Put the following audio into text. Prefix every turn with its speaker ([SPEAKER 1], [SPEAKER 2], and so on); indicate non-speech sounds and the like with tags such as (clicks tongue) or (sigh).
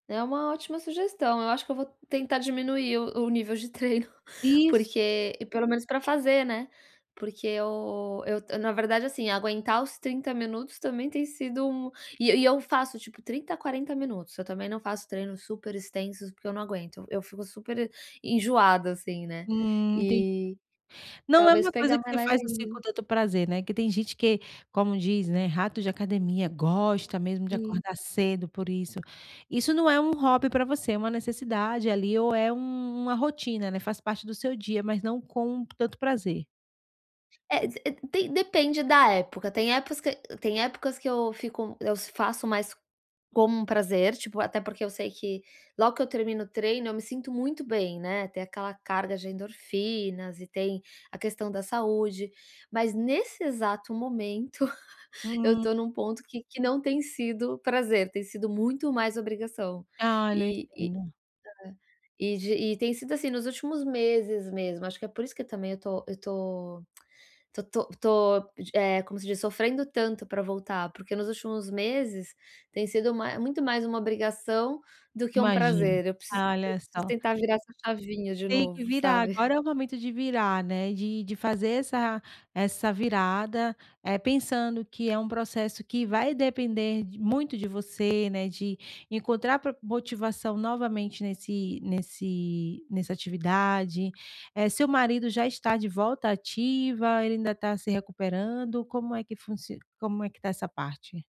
[SPEAKER 1] É uma ótima sugestão, eu acho que eu vou tentar diminuir o o nível de treino, (chuckles)
[SPEAKER 2] Isso.
[SPEAKER 1] porque pelo menos pra fazer, né. Porque eu eu t na verdade, assim, aguentar os 30 minutos também tem sido mu e e eu faço tipo 30 a 40 minutos, eu também não faço treinos super extensos, porque eu não aguento, eu fico super e enjoada, assim né.
[SPEAKER 2] Hum, entendi.
[SPEAKER 1] E
[SPEAKER 2] Não é
[SPEAKER 1] talvez
[SPEAKER 2] uma coisa
[SPEAKER 1] pegar
[SPEAKER 2] que
[SPEAKER 1] mais
[SPEAKER 2] você
[SPEAKER 1] leve
[SPEAKER 2] faz, assim, com
[SPEAKER 1] ainda.
[SPEAKER 2] tanto prazer, né? Que tem gente que, como diz, né, rato de academia, gosta mesmo de
[SPEAKER 1] E
[SPEAKER 2] acordar cedo por isso. Isso não é um hobby pra você? É uma necessidade ali, ou é um uma rotina, né, faz parte do seu dia, mas não com tanto prazer.
[SPEAKER 1] É d tem depende da época. Tem épocas que tem épocas que eu fico eu s faço mais como um prazer, tipo, até porque eu sei que, logo que eu termino o treino, eu me sinto muito bem, né, tem aquela carga de endorfinas, e tem a questão da saúde. Mas, nesse exato momento, (chuckles) eu
[SPEAKER 2] Hum.
[SPEAKER 1] tô num ponto que que não tem sido prazer, tem sido muito mais obrigação,
[SPEAKER 2] Olha, eu
[SPEAKER 1] e e
[SPEAKER 2] entendo.
[SPEAKER 1] é e de e tem sido, assim, nos últimos meses mesmo. Acho que é por isso que também eu tô eu tô (clicks tongue) tô tô tô, d eh, como se diz, sofrendo tanto pra voltar, porque, nos últimos meses, tem sido mai muito mais uma obrigação do que um
[SPEAKER 2] Imagino,
[SPEAKER 1] prazer. Eu preciso eu
[SPEAKER 2] olha
[SPEAKER 1] preciso
[SPEAKER 2] só.
[SPEAKER 1] tentar virar essa chavinha de
[SPEAKER 2] Tem que
[SPEAKER 1] novo,
[SPEAKER 2] virar, agora
[SPEAKER 1] sabe.
[SPEAKER 2] é o momento de virar, né, de de fazer essa essa virada, eh, pensando que é um processo que vai depender muito de você, né, de encontrar pro motivação novamente nesse nesse nessa atividade. Eh, seu marido já está de volta à ativa, ele ainda está se recuperando, como é que funci como é que está essa parte?